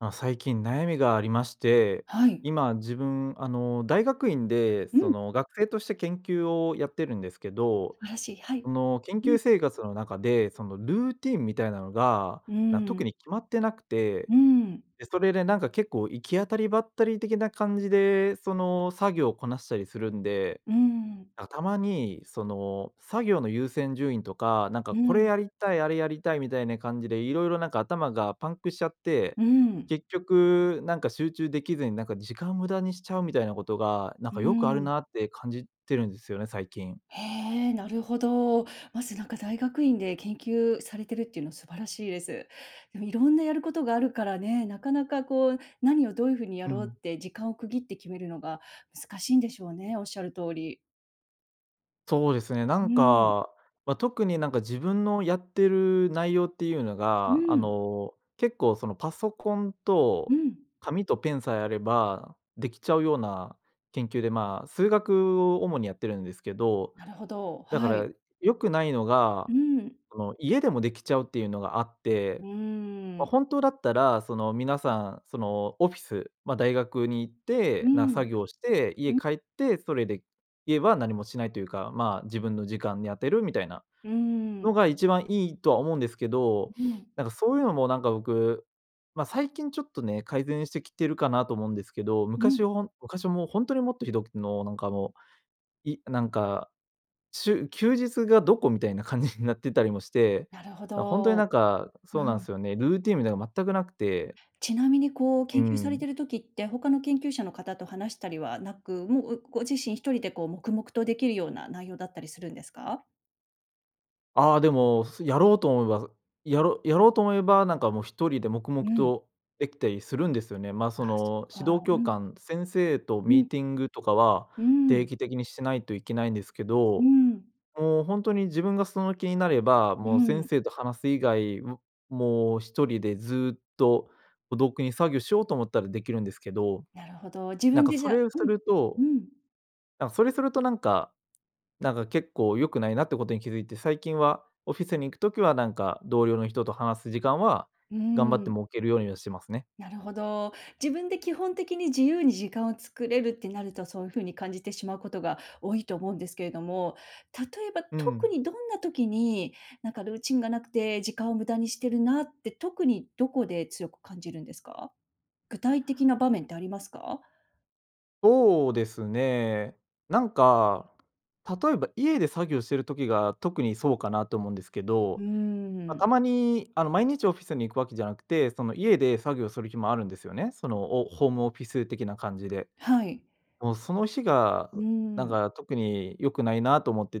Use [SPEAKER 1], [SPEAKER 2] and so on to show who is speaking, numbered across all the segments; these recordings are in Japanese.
[SPEAKER 1] ま、最近悩みがありまして、
[SPEAKER 2] はい。
[SPEAKER 1] 今自分、あの、大学院で
[SPEAKER 2] う
[SPEAKER 1] そ
[SPEAKER 2] ん。
[SPEAKER 1] の、学生として研究をやってるんですけど、
[SPEAKER 2] 素晴らしい、はい。
[SPEAKER 1] その、研
[SPEAKER 2] う
[SPEAKER 1] 究
[SPEAKER 2] ん。
[SPEAKER 1] 生活の中で、その、ルーティンみたいなのが、
[SPEAKER 2] う
[SPEAKER 1] な、
[SPEAKER 2] ー
[SPEAKER 1] 特
[SPEAKER 2] ん。
[SPEAKER 1] に決まってなくて。
[SPEAKER 2] うん。
[SPEAKER 1] で、それでなんか結構行き当たりばったり的な感じで、その、作業こなしたりするんで、
[SPEAKER 2] うん。
[SPEAKER 1] な、たまにその、作業の優先順位とか、なんか
[SPEAKER 2] う
[SPEAKER 1] これ
[SPEAKER 2] ん。
[SPEAKER 1] やりたい、あれやりたいみたいな感じで、色々なんか頭がパンクしちゃって、
[SPEAKER 2] うん。
[SPEAKER 1] 結局なんか集中できずに、なんか時間無駄にしちゃうみたいなことが、なん
[SPEAKER 2] う
[SPEAKER 1] かよくある
[SPEAKER 2] ん。
[SPEAKER 1] なって感じてるんですよね、最近。
[SPEAKER 2] へえ、なるほど。まずなんか大学院で研究されてるっていうのは素晴らしいです。でもいろんなやることがあるからね、なかなかこう、何をどういう風にや
[SPEAKER 1] う
[SPEAKER 2] ろう
[SPEAKER 1] ん。
[SPEAKER 2] って時間を区切って決めるのが難しいんでしょうね、おっしゃる通り。
[SPEAKER 1] そうですね。な
[SPEAKER 2] う
[SPEAKER 1] ん
[SPEAKER 2] ん。
[SPEAKER 1] か、ま、特になんか自分のやってる内容っていうの
[SPEAKER 2] う
[SPEAKER 1] が、あ
[SPEAKER 2] ん。
[SPEAKER 1] の、結構そのパソコン
[SPEAKER 2] う
[SPEAKER 1] と
[SPEAKER 2] ん。
[SPEAKER 1] 紙とペンさえあれば、できちゃうような研究で、ま、数学を主にやってるんですけど。
[SPEAKER 2] なるほど、
[SPEAKER 1] だか
[SPEAKER 2] は
[SPEAKER 1] ら
[SPEAKER 2] い。
[SPEAKER 1] 良くないのが、
[SPEAKER 2] うん。
[SPEAKER 1] その、家でもできちゃうっていうのがあっ
[SPEAKER 2] う
[SPEAKER 1] て、
[SPEAKER 2] ー
[SPEAKER 1] ま、
[SPEAKER 2] ん。
[SPEAKER 1] 本当だったら、その、皆さんその、オフィス、ま、大学に行っ
[SPEAKER 2] う
[SPEAKER 1] て、なん作
[SPEAKER 2] ん。
[SPEAKER 1] 業して、
[SPEAKER 2] う
[SPEAKER 1] 家
[SPEAKER 2] ん。
[SPEAKER 1] 帰って、それで、家は何もしないというか、まあ自分の時間に当てるみたいな
[SPEAKER 2] うー
[SPEAKER 1] の
[SPEAKER 2] ん。
[SPEAKER 1] が一番いいとは思うんですけど。
[SPEAKER 2] ううん。
[SPEAKER 1] なんかそういうのもなんか僕、ま、最近ちょっとね、改善してきてるかなと思うんですけど、
[SPEAKER 2] う
[SPEAKER 1] 昔
[SPEAKER 2] ん。
[SPEAKER 1] はほん昔はもうほんとにもっとひどくの、なんかもう、いなんか、しゅ休日がどこみたいな感じになってたりもして。
[SPEAKER 2] なるほ
[SPEAKER 1] なん、ほんとにな
[SPEAKER 2] ど。
[SPEAKER 1] んか、
[SPEAKER 2] う
[SPEAKER 1] そうなん
[SPEAKER 2] ん。
[SPEAKER 1] すよね。ルーティンみたいのが全くなくて。
[SPEAKER 2] ちなみにこう、
[SPEAKER 1] う
[SPEAKER 2] 研究され
[SPEAKER 1] ん。
[SPEAKER 2] てる時って、他の研究者の方と話したりはなく、もう、うご自身一人でこう黙々とできるような内容だったりするんですか？
[SPEAKER 1] ああ、でも、すやろうと思えばやろうやろうと思えば、なんか、もう、1人で黙
[SPEAKER 2] う
[SPEAKER 1] 々
[SPEAKER 2] ん。
[SPEAKER 1] とできたりするんですよね。まあ、そ
[SPEAKER 2] あ、そっ
[SPEAKER 1] の、指導
[SPEAKER 2] か。
[SPEAKER 1] 教
[SPEAKER 2] うん。
[SPEAKER 1] 官先生と
[SPEAKER 2] う
[SPEAKER 1] ミー
[SPEAKER 2] ん。
[SPEAKER 1] ティングとかは、
[SPEAKER 2] うー
[SPEAKER 1] 定
[SPEAKER 2] ん。
[SPEAKER 1] 期的にしないといけないんですけ
[SPEAKER 2] うー
[SPEAKER 1] ど、
[SPEAKER 2] ん。
[SPEAKER 1] もう、ほんとに自分がその気になれば、
[SPEAKER 2] う
[SPEAKER 1] もう、先
[SPEAKER 2] ん。
[SPEAKER 1] 生と話す以外、ももう、1人でずっと孤独に作業しようと思ったらできるんですけど。
[SPEAKER 2] なるほど、自
[SPEAKER 1] なん
[SPEAKER 2] 分
[SPEAKER 1] か、
[SPEAKER 2] で
[SPEAKER 1] そ
[SPEAKER 2] じゃ
[SPEAKER 1] れをす
[SPEAKER 2] うん、
[SPEAKER 1] ると、
[SPEAKER 2] うん。
[SPEAKER 1] なんそれすると、なんかなんか、結構良くないなってことに気付いて、最近はオフィスに行く時は、なんか、同僚の人と話す時間は
[SPEAKER 2] うー
[SPEAKER 1] 頑張って
[SPEAKER 2] ん。
[SPEAKER 1] 設けるようにはしてますね。
[SPEAKER 2] なるほど。自分で基本的に自由に時間を作れるってなると、そういう風に感じてしまうことが多いと思うんですけれども。例えば、
[SPEAKER 1] う
[SPEAKER 2] 特
[SPEAKER 1] ん。
[SPEAKER 2] にどんな時に、なんかルーチンがなくて、時間を無駄にしてるなって、特にどこで強く感じるんですか？具体的な場面ってありますか？
[SPEAKER 1] そうですね。なんか、例えば家で作業してる時が、特にそうかなと思うんですけ
[SPEAKER 2] うー
[SPEAKER 1] ど。ま、
[SPEAKER 2] ん。
[SPEAKER 1] たまに、あの、毎日オフィスに行くわけじゃなくて、その、家で作業する日もあるんですよね。その、おホームオフィス的な感じで。
[SPEAKER 2] はい。
[SPEAKER 1] もう、その日が、
[SPEAKER 2] うー
[SPEAKER 1] なん
[SPEAKER 2] ん。
[SPEAKER 1] か、特に良くないなと思って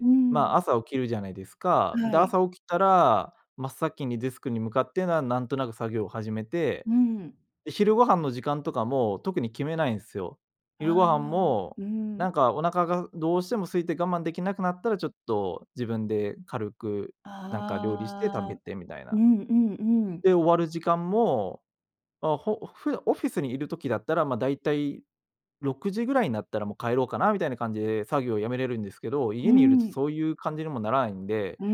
[SPEAKER 2] う
[SPEAKER 1] ま
[SPEAKER 2] ん。
[SPEAKER 1] あ、朝起きるじゃないですか。
[SPEAKER 2] は
[SPEAKER 1] で、
[SPEAKER 2] い。
[SPEAKER 1] 朝起きたら真っ先にデスクに向かって、なんなんとなく作業を始めて、
[SPEAKER 2] うん。
[SPEAKER 1] で、昼ご飯の時間とかも特に決めないんすよ。昼ご
[SPEAKER 2] あ
[SPEAKER 1] 飯
[SPEAKER 2] あ。
[SPEAKER 1] も、
[SPEAKER 2] うん。
[SPEAKER 1] なんか、お腹がどうしても空いて我慢できなくなったら、ちょっと自分で軽く、なんか料理して食
[SPEAKER 2] あ
[SPEAKER 1] べ
[SPEAKER 2] あ。
[SPEAKER 1] てみたい
[SPEAKER 2] う
[SPEAKER 1] な。
[SPEAKER 2] んうんうん。
[SPEAKER 1] で、終わる時間も、ま、ほふだオフィスにいる時だったら、ま、だいたい6時ぐらいになったら、もう帰ろうかなみたいな感じで作業をやめれるんですけど、
[SPEAKER 2] う
[SPEAKER 1] 家
[SPEAKER 2] ー
[SPEAKER 1] にいるとそ
[SPEAKER 2] ん。
[SPEAKER 1] ういう感じにもならないんで、
[SPEAKER 2] うー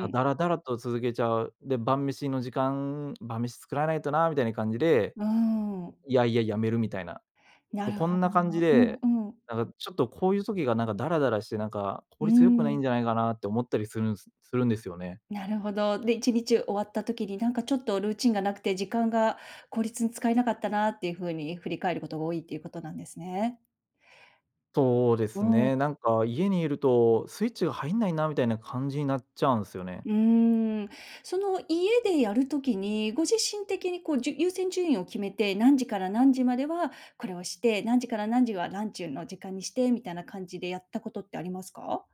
[SPEAKER 1] ま、
[SPEAKER 2] ん。
[SPEAKER 1] だらだらと続けちゃう。で、晩飯の時間、晩飯作らないとな、みたいな感じで、
[SPEAKER 2] うーん。
[SPEAKER 1] 嫌々やめるみたいな。
[SPEAKER 2] な
[SPEAKER 1] もう、
[SPEAKER 2] る
[SPEAKER 1] こ
[SPEAKER 2] ほ
[SPEAKER 1] んな
[SPEAKER 2] ど。
[SPEAKER 1] 感じ
[SPEAKER 2] う
[SPEAKER 1] で、
[SPEAKER 2] んうん。
[SPEAKER 1] なんか、ちょっと、こういう時が、なんか、ダラダラして、なんか、
[SPEAKER 2] う
[SPEAKER 1] 効
[SPEAKER 2] ー
[SPEAKER 1] 率良くないん
[SPEAKER 2] ん。
[SPEAKER 1] じゃないかなって思ったりするんすするんですよね。
[SPEAKER 2] なるほど。で、1日終わった時に、なんか、ちょっとルーチンがなくて、時間が効率に使えなかったなっていう風に振り返ることが多いっていうことなんですね。
[SPEAKER 1] そうで
[SPEAKER 2] う
[SPEAKER 1] す
[SPEAKER 2] ーん。
[SPEAKER 1] ね。なんか、家にいるとスイッチが入んないな、みたいな感じになっちゃうんすよね。
[SPEAKER 2] うーん。その、家でやる時に、ご自身的に、こう、じゅ優先順位を決めて、何時から何時まではこれをして、何時から何時はランチの時間にして、みたいな感じでやったことってありますか？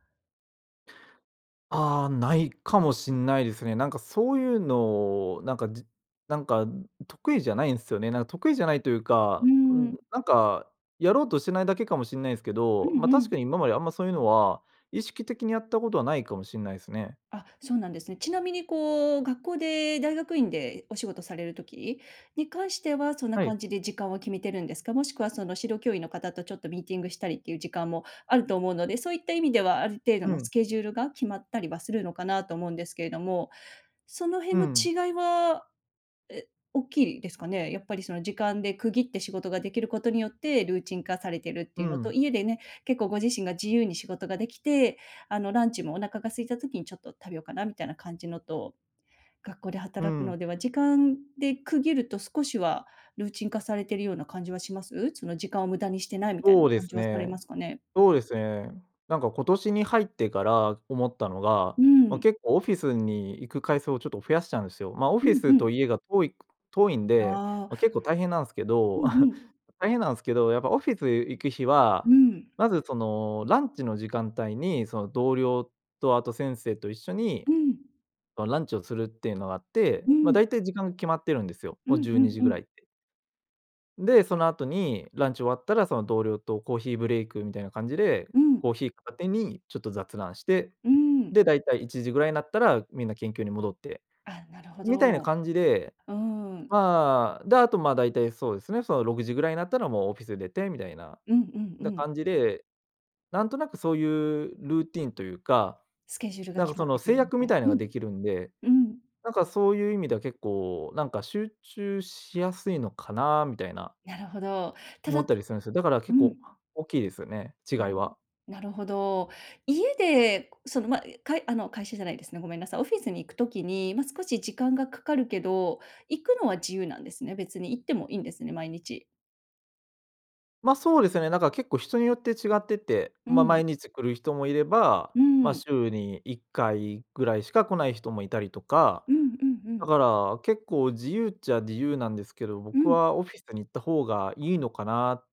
[SPEAKER 1] ああ、ないかもしんないですね。なんかそういうの、なんかじなんか得意じゃないんすよね。なん、得意じゃないという
[SPEAKER 2] うー
[SPEAKER 1] か。うん、
[SPEAKER 2] ん。
[SPEAKER 1] なんか、やろうとしてないだけかもしんないすけ
[SPEAKER 2] う
[SPEAKER 1] ど。
[SPEAKER 2] ん
[SPEAKER 1] ま、
[SPEAKER 2] う
[SPEAKER 1] 確か
[SPEAKER 2] ん。
[SPEAKER 1] に今まで、あんまそういうのは、意識的にやったことはないかもしんないすね。
[SPEAKER 2] あ、そうなんですね。ちなみにこう、学校で大学院でお仕事される時に関しては、そんな
[SPEAKER 1] はい。
[SPEAKER 2] 感じで時間は決めてるんですか？もしくはその、指導教員の方とちょっとミーティングしたりっていう時間もあると思うので。そういった意味では、ある程度
[SPEAKER 1] う
[SPEAKER 2] のス
[SPEAKER 1] ん。
[SPEAKER 2] ケジュールが決まったりはするのかなと思うんですけれども。その
[SPEAKER 1] う
[SPEAKER 2] 辺の
[SPEAKER 1] ん。
[SPEAKER 2] 違いは、え、おっきいですかね？やっぱりその時間で区切って、仕事ができることによってルーチン化されてるって
[SPEAKER 1] う
[SPEAKER 2] いうのと、
[SPEAKER 1] ん。
[SPEAKER 2] 家でね、結構ご自身が自由に仕事ができて、あのランチも、お腹が空いた時に、ちょっと食べようかなみたいな感じのと学校で
[SPEAKER 1] う
[SPEAKER 2] 働く
[SPEAKER 1] ん。
[SPEAKER 2] のでは、時間で区切ると、少しはルーチン化されてるような感じはします？その時間を無駄にしてないみたいな
[SPEAKER 1] そうで
[SPEAKER 2] 感じ
[SPEAKER 1] す
[SPEAKER 2] はされま
[SPEAKER 1] ね。
[SPEAKER 2] すかね？
[SPEAKER 1] そうですね。なんか、今年に入ってから思ったのが、
[SPEAKER 2] う
[SPEAKER 1] ま、
[SPEAKER 2] ん。
[SPEAKER 1] 結構オフィスに行く回数をちょっと増やしたんすよ。ま、オ
[SPEAKER 2] う
[SPEAKER 1] フィ
[SPEAKER 2] んう
[SPEAKER 1] ス
[SPEAKER 2] ん。
[SPEAKER 1] と家が遠いく遠いんで、
[SPEAKER 2] あ
[SPEAKER 1] ま、
[SPEAKER 2] あ。
[SPEAKER 1] 結構大変なんすけ
[SPEAKER 2] う
[SPEAKER 1] ど。
[SPEAKER 2] んうん。
[SPEAKER 1] 大変なんすけど、やっぱオフィス行く日
[SPEAKER 2] う
[SPEAKER 1] は
[SPEAKER 2] ん。
[SPEAKER 1] まず、そのランチの時間帯に、その、同僚とあと先生と一緒に
[SPEAKER 2] うん。
[SPEAKER 1] のランチをするっていうのがあって。
[SPEAKER 2] う
[SPEAKER 1] ま、
[SPEAKER 2] ん。
[SPEAKER 1] 大体時間が決まってるんですよ。
[SPEAKER 2] うん
[SPEAKER 1] も
[SPEAKER 2] う
[SPEAKER 1] うじゅうに
[SPEAKER 2] ん
[SPEAKER 1] じ
[SPEAKER 2] う
[SPEAKER 1] ぐら
[SPEAKER 2] ん。
[SPEAKER 1] いって。で、そのあとに、ランチ終わったらその、同僚とコーヒーブレイクみたいな感じで、
[SPEAKER 2] う
[SPEAKER 1] コ
[SPEAKER 2] ん。
[SPEAKER 1] ーヒー片手にちょっと雑談して、
[SPEAKER 2] うーん。
[SPEAKER 1] で、大体1時ぐらいなったら、みんな研究に戻って
[SPEAKER 2] あ、なるほ
[SPEAKER 1] みたいな
[SPEAKER 2] ど。
[SPEAKER 1] 感じで、
[SPEAKER 2] うーん。
[SPEAKER 1] まあ、で、あとまあ、大体そうですね、その、6時ぐらいなったら、もうオフィス出てみたいな、
[SPEAKER 2] うんうんう
[SPEAKER 1] だ
[SPEAKER 2] ん。
[SPEAKER 1] 感じで、なんとなくそういうルーティンというか、
[SPEAKER 2] スケジュールが
[SPEAKER 1] なんか
[SPEAKER 2] 決ま
[SPEAKER 1] そ
[SPEAKER 2] っ
[SPEAKER 1] の、
[SPEAKER 2] てく
[SPEAKER 1] 制
[SPEAKER 2] るみ
[SPEAKER 1] 約
[SPEAKER 2] た
[SPEAKER 1] み
[SPEAKER 2] い
[SPEAKER 1] たい
[SPEAKER 2] う
[SPEAKER 1] のが
[SPEAKER 2] ん。
[SPEAKER 1] できるんで、
[SPEAKER 2] うん。
[SPEAKER 1] なんかそういう意味では結構、なんか集中しやすいのかなみたいな
[SPEAKER 2] なるほど。た
[SPEAKER 1] 思
[SPEAKER 2] だ、
[SPEAKER 1] った
[SPEAKER 2] と
[SPEAKER 1] りするんすよ。だから
[SPEAKER 2] う
[SPEAKER 1] 結構
[SPEAKER 2] ん。
[SPEAKER 1] 大きいですよね、違い
[SPEAKER 2] なる
[SPEAKER 1] は。
[SPEAKER 2] なるほど。家で、その、ま、かいあの、会社じゃないですね、ごめんなさい。オフィスに行くときに、ま、少し時間がかかるけど、行くのは自由なんですね。別に行ってもいいんですね、毎日。
[SPEAKER 1] ま、そうですよね、なんか結構人によって違ってて、
[SPEAKER 2] う
[SPEAKER 1] まあ
[SPEAKER 2] ん。
[SPEAKER 1] 毎日来る人もいれば、
[SPEAKER 2] う
[SPEAKER 1] まあ
[SPEAKER 2] ん。
[SPEAKER 1] 週に1回ぐらいしか来ない人もいたりとか、
[SPEAKER 2] うんうんう
[SPEAKER 1] だ
[SPEAKER 2] ん。
[SPEAKER 1] から結構自由っちゃ自由なんですけど、
[SPEAKER 2] う
[SPEAKER 1] 僕
[SPEAKER 2] ん。
[SPEAKER 1] はオフィスに行った方がいいのかなっ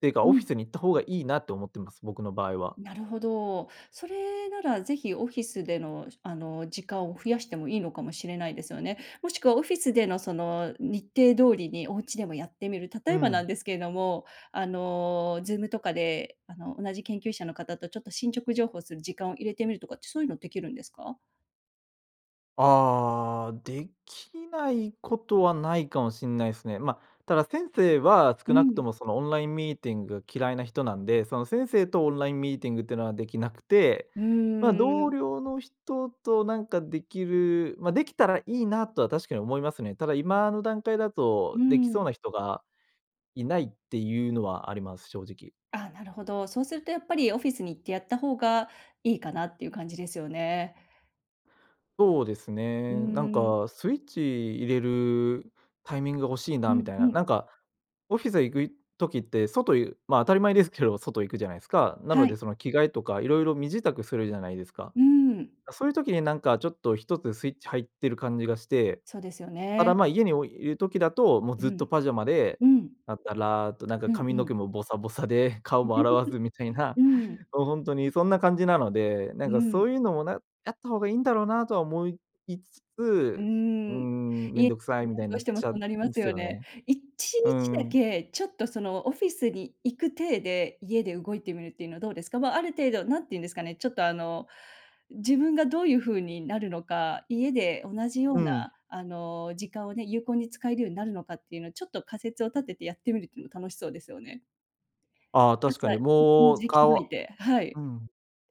[SPEAKER 1] ていうか、
[SPEAKER 2] う
[SPEAKER 1] オフィ
[SPEAKER 2] ん。
[SPEAKER 1] スに行った方がいいなって思ってます、僕の場合は。
[SPEAKER 2] なるほど。それならぜひオフィスでのしあの、時間を増やしてもいいのかもしれないですよね。もしくはオフィスでのその、日程通りにお家でもやってみる。例
[SPEAKER 1] う
[SPEAKER 2] えばなん
[SPEAKER 1] ん。
[SPEAKER 2] ですけども、あの、Zoom とかであの、同じ研究者の方とちょっと、進捗情報する時間を入れてみるとかって、そういうのできるんですか？
[SPEAKER 1] ああ、できないことはないかもしんないすね。ま、ただ先生は
[SPEAKER 2] う
[SPEAKER 1] 少なくと
[SPEAKER 2] ん。
[SPEAKER 1] も、その、オンラインミーティング嫌いな人なんで、その、先生とオンラインミーティングってのはできなくて、
[SPEAKER 2] う
[SPEAKER 1] まあ、同
[SPEAKER 2] ん。
[SPEAKER 1] 僚の人となんかできる、まあ、できたらいいなとは確かに思いますね。ただ今の段階だ
[SPEAKER 2] う
[SPEAKER 1] と、できそう
[SPEAKER 2] ん。
[SPEAKER 1] な人がいないっていうのはあります、正直。
[SPEAKER 2] あ、なるほど。そうするとやっぱり、オフィスに行ってやった方がいいかなっていう感じですよね。
[SPEAKER 1] そうです
[SPEAKER 2] うー
[SPEAKER 1] ね、なん
[SPEAKER 2] ん。
[SPEAKER 1] かスイッチ入れるタイミングが欲しい
[SPEAKER 2] う
[SPEAKER 1] なみ
[SPEAKER 2] ん、
[SPEAKER 1] たい
[SPEAKER 2] う
[SPEAKER 1] な、な
[SPEAKER 2] ん。
[SPEAKER 1] んか、オフィスへ行く時って外ゆまあ、当たり前ですけど、外行くじゃないですか。なの
[SPEAKER 2] はい。
[SPEAKER 1] でその、着替えとか色々身支度するじゃないですか。
[SPEAKER 2] うん。
[SPEAKER 1] だ、そういう時になんかちょっと一つスイッチ入ってる感じがして、
[SPEAKER 2] そうですよ
[SPEAKER 1] ただ、
[SPEAKER 2] ね。
[SPEAKER 1] まあ、家においる時だと、もう
[SPEAKER 2] う
[SPEAKER 1] ずっと
[SPEAKER 2] ん。
[SPEAKER 1] パジャマで、
[SPEAKER 2] うん。
[SPEAKER 1] ダダラッと、なんか
[SPEAKER 2] うん
[SPEAKER 1] 髪
[SPEAKER 2] う
[SPEAKER 1] の
[SPEAKER 2] ん。
[SPEAKER 1] 毛もボサボサで、顔も洗わずみたい な、
[SPEAKER 2] うん。
[SPEAKER 1] もうほんとにそんな感じなので、な
[SPEAKER 2] う
[SPEAKER 1] んか
[SPEAKER 2] ん。
[SPEAKER 1] そういうのも、な、やった方がいいんだろうなとは思いつ
[SPEAKER 2] うー
[SPEAKER 1] つ、うー
[SPEAKER 2] ん、
[SPEAKER 1] ん、め
[SPEAKER 2] い
[SPEAKER 1] ん
[SPEAKER 2] え
[SPEAKER 1] どくさいみた
[SPEAKER 2] [unintelligible]
[SPEAKER 1] い
[SPEAKER 2] ど
[SPEAKER 1] な
[SPEAKER 2] うし
[SPEAKER 1] っ
[SPEAKER 2] ても
[SPEAKER 1] ち
[SPEAKER 2] そ
[SPEAKER 1] ゃ
[SPEAKER 2] う
[SPEAKER 1] う
[SPEAKER 2] なりま
[SPEAKER 1] ん
[SPEAKER 2] す
[SPEAKER 1] す
[SPEAKER 2] よ
[SPEAKER 1] よ
[SPEAKER 2] ね。
[SPEAKER 1] ね。
[SPEAKER 2] いち
[SPEAKER 1] う
[SPEAKER 2] にちだ
[SPEAKER 1] ん。
[SPEAKER 2] け、ちょっとそのオフィスに行く体で、家で動いてみるっていうのはどうですか？は、ある程度、なんていうんですかね、ちょっと、あの、自分がどういうふうになるのか、家で同じよ
[SPEAKER 1] う
[SPEAKER 2] うな
[SPEAKER 1] ん。
[SPEAKER 2] あの、時間をね、有効に使えるようになるのかっていうのを、ちょっと仮説を立ててやってみるっていうのも楽しそうですよね。
[SPEAKER 1] ああ、
[SPEAKER 2] 朝
[SPEAKER 1] 確かに
[SPEAKER 2] [unintelligible]
[SPEAKER 1] もう、
[SPEAKER 2] じ着替
[SPEAKER 1] かわ
[SPEAKER 2] えて、はい。
[SPEAKER 1] うん、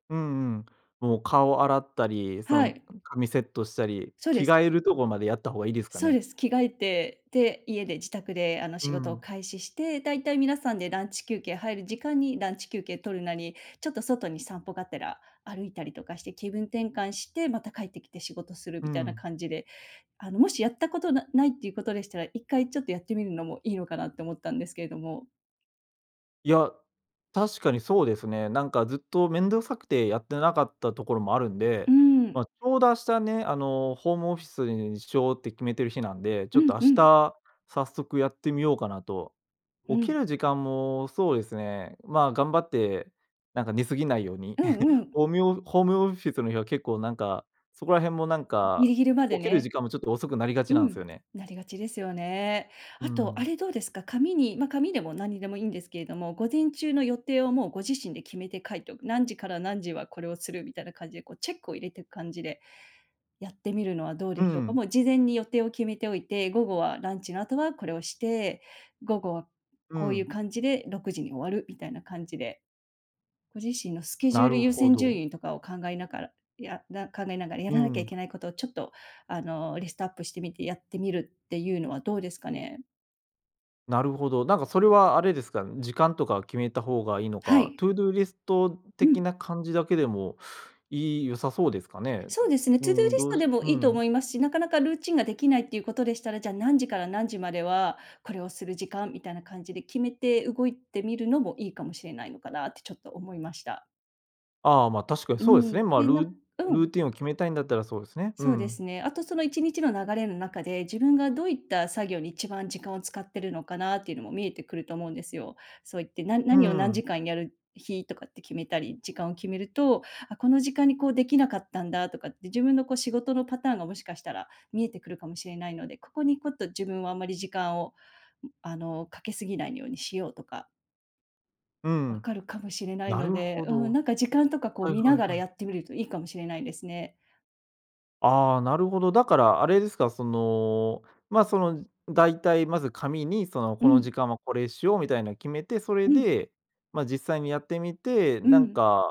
[SPEAKER 1] うんうん、もう顔洗ったり、そ
[SPEAKER 2] は
[SPEAKER 1] ん
[SPEAKER 2] い。
[SPEAKER 1] 髪セットしたり、
[SPEAKER 2] そうで
[SPEAKER 1] 着
[SPEAKER 2] す。
[SPEAKER 1] 替えるとこまでやった方がいいですか
[SPEAKER 2] そう
[SPEAKER 1] ね。
[SPEAKER 2] です。着替えて、で、家で自宅で、あの、
[SPEAKER 1] う
[SPEAKER 2] 仕事を
[SPEAKER 1] ん。
[SPEAKER 2] 開始して、だいたい皆さんでランチ休憩入る時間に、ランチ休憩取るなり、ちょっと外に散歩がてら歩いたりとかして、気分転換して、また帰ってきて仕事する
[SPEAKER 1] う
[SPEAKER 2] みたいな
[SPEAKER 1] ん。
[SPEAKER 2] 感じで、あの、もしやったことなないっていうことでしたら、一回ちょっとやってみるのもいいのかなって思ったんですけれども。
[SPEAKER 1] いや、確かにそうですね。なんかずっと面倒くさくてやってなかったところもあるん
[SPEAKER 2] うー
[SPEAKER 1] で、
[SPEAKER 2] ん。
[SPEAKER 1] まあ、ちょうどあしたね、あの、ホームオフィスにしようって決めてる日なんで、ち
[SPEAKER 2] う
[SPEAKER 1] ょっ
[SPEAKER 2] ん
[SPEAKER 1] とあ
[SPEAKER 2] う
[SPEAKER 1] し
[SPEAKER 2] ん。
[SPEAKER 1] た、早速やってみようかなと。
[SPEAKER 2] う
[SPEAKER 1] 起き
[SPEAKER 2] ん。
[SPEAKER 1] る時間もそうですね、まあ頑張って、なんか寝過ぎないように、
[SPEAKER 2] うんう ん。
[SPEAKER 1] おみおホームオフィスの日は結構なんか、そこら辺もなん
[SPEAKER 2] うん、ギ
[SPEAKER 1] か、
[SPEAKER 2] リギリまで
[SPEAKER 1] 起きる
[SPEAKER 2] ね。
[SPEAKER 1] 時間もちょっと遅くなりが
[SPEAKER 2] う
[SPEAKER 1] ちなんす
[SPEAKER 2] ん、
[SPEAKER 1] よね。
[SPEAKER 2] なりがちですよね。
[SPEAKER 1] うー
[SPEAKER 2] あと、あ
[SPEAKER 1] ん。
[SPEAKER 2] れどうですか、紙にま、紙でもなんにでもいいんですけれども、午前中の予定をもうご自身で決めて書いてお何時から何時はこれをするみたいな感じでこうチェックを入れてく感じで、やってみるのはどう
[SPEAKER 1] う
[SPEAKER 2] でしょうか。
[SPEAKER 1] ん。
[SPEAKER 2] もう事前に予定を決めておいて、午後はランチの後はこれをして、午後は
[SPEAKER 1] う
[SPEAKER 2] こういう
[SPEAKER 1] ん。
[SPEAKER 2] 感じで6時に終わるみたいな感じで。ご自身のスケジュ
[SPEAKER 1] な
[SPEAKER 2] ール
[SPEAKER 1] る
[SPEAKER 2] 優
[SPEAKER 1] ほ
[SPEAKER 2] 先順
[SPEAKER 1] ど。
[SPEAKER 2] 位とかを考えながら、やな考えながらや
[SPEAKER 1] う
[SPEAKER 2] らなきゃい
[SPEAKER 1] ん。
[SPEAKER 2] けないことをちょっとあの、リストアップしてみてやってみるっていうのはどうですかね。
[SPEAKER 1] なるほど、なんかそれはあれですか、ん、時間とか決めた方がいいの
[SPEAKER 2] は
[SPEAKER 1] か、
[SPEAKER 2] い。
[SPEAKER 1] トゥードゥーリスト
[SPEAKER 2] う
[SPEAKER 1] 的
[SPEAKER 2] ん。
[SPEAKER 1] な感じだけでも、いい良さそうですかね。
[SPEAKER 2] そうですね、
[SPEAKER 1] う
[SPEAKER 2] トゥードゥー
[SPEAKER 1] ーん、
[SPEAKER 2] リス
[SPEAKER 1] どう
[SPEAKER 2] ト
[SPEAKER 1] す
[SPEAKER 2] でも
[SPEAKER 1] う
[SPEAKER 2] いいと
[SPEAKER 1] ん。
[SPEAKER 2] 思いますし、なかなかルーチンができないっていうことでしたら、じゃ、何時から何時まではこれをする時間みたいな感じで決めて動いてみるのもいいかもしれないのかなってちょっと思いました。
[SPEAKER 1] ああ、ま、確かに
[SPEAKER 2] う
[SPEAKER 1] そうです
[SPEAKER 2] ん、
[SPEAKER 1] ね。ま、
[SPEAKER 2] で、な
[SPEAKER 1] ル
[SPEAKER 2] んう
[SPEAKER 1] ル
[SPEAKER 2] ん。
[SPEAKER 1] ーティンを決めたいんだったら、そうですね。う
[SPEAKER 2] そうです
[SPEAKER 1] ん。
[SPEAKER 2] ね。あとその1日の流れの中で、自分がどういった作業に一番時間を使ってるのかなっていうのも見えてくると思うんですよ。そういって、な
[SPEAKER 1] うー
[SPEAKER 2] 何を何
[SPEAKER 1] ん。
[SPEAKER 2] 時間やる日とかって決めたり、時間を決めると、あ、この時間にこうできなかったんだとかって、自分の、こう、仕事のパターンがもしかしたら見えてくるかもしれないので、ここに、こっと自分はあんまり時間をあの、掛け過ぎないようにしようとか
[SPEAKER 1] う
[SPEAKER 2] 分
[SPEAKER 1] ん。
[SPEAKER 2] かるかもしれない
[SPEAKER 1] な
[SPEAKER 2] の
[SPEAKER 1] る
[SPEAKER 2] で、
[SPEAKER 1] ほ
[SPEAKER 2] うん、
[SPEAKER 1] ど。
[SPEAKER 2] なんか、時間とか、こう、
[SPEAKER 1] はい
[SPEAKER 2] 見
[SPEAKER 1] は
[SPEAKER 2] な
[SPEAKER 1] い
[SPEAKER 2] がら
[SPEAKER 1] はい。
[SPEAKER 2] やってみるといいかもしれないですね。
[SPEAKER 1] ああ、なるほど。だから、あれですか？その、ま、その、大体まず紙に、その、
[SPEAKER 2] う
[SPEAKER 1] この
[SPEAKER 2] ん。
[SPEAKER 1] 時間はこれしようみたいな決めて、そ
[SPEAKER 2] う
[SPEAKER 1] れ
[SPEAKER 2] ん。
[SPEAKER 1] で、ま、実際にやってみて、
[SPEAKER 2] う
[SPEAKER 1] なん
[SPEAKER 2] ん。
[SPEAKER 1] か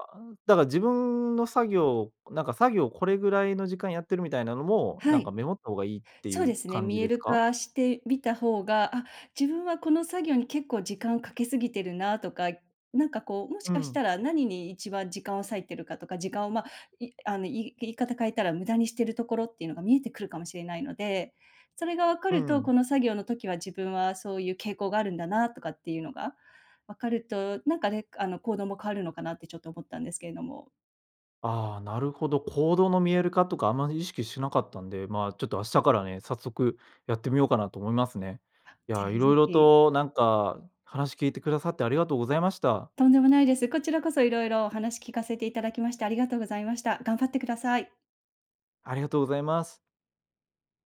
[SPEAKER 1] だから自分の作業なんか、作業これぐらいの時間やってるみたいなのも、
[SPEAKER 2] は
[SPEAKER 1] なん
[SPEAKER 2] い。
[SPEAKER 1] か、メモった方がいいってい
[SPEAKER 2] そうで
[SPEAKER 1] う
[SPEAKER 2] すね、
[SPEAKER 1] 感
[SPEAKER 2] 見
[SPEAKER 1] じ
[SPEAKER 2] え
[SPEAKER 1] です
[SPEAKER 2] る
[SPEAKER 1] か？
[SPEAKER 2] 化してみた方が、あ、自分はこの作業に結構時間掛け過ぎてるな、とか、なんか、こう、もし
[SPEAKER 1] う
[SPEAKER 2] かし
[SPEAKER 1] ん。
[SPEAKER 2] たら何に一番時間を割いてるかとか、時間を、ま、いあの、い言い方変えたら、無駄にしてるところっていうのが見えてくるかもしれないので。それが分か
[SPEAKER 1] う
[SPEAKER 2] ると、
[SPEAKER 1] ん。
[SPEAKER 2] この作業の時は自分はそういう傾向があるんだな、とかっていうのが、分かると、なんかね、あの、行動も変わるのかなってちょっと思ったんですけれども。
[SPEAKER 1] ああ、なるほど、行動の見える化とかあまり意識しなかったんで、まあ、ちょっと明日からね、早速やってみようかなと思いますね。い
[SPEAKER 2] ぜ
[SPEAKER 1] や、
[SPEAKER 2] ひぜ
[SPEAKER 1] 色々
[SPEAKER 2] ひ。
[SPEAKER 1] と、なんか、話聞いてくださって、ありがとうございました。
[SPEAKER 2] とんでもないです。こちらこそ色々お話聞かせていただきまして、ありがとうございました。頑張ってください。
[SPEAKER 1] ありがとうございます。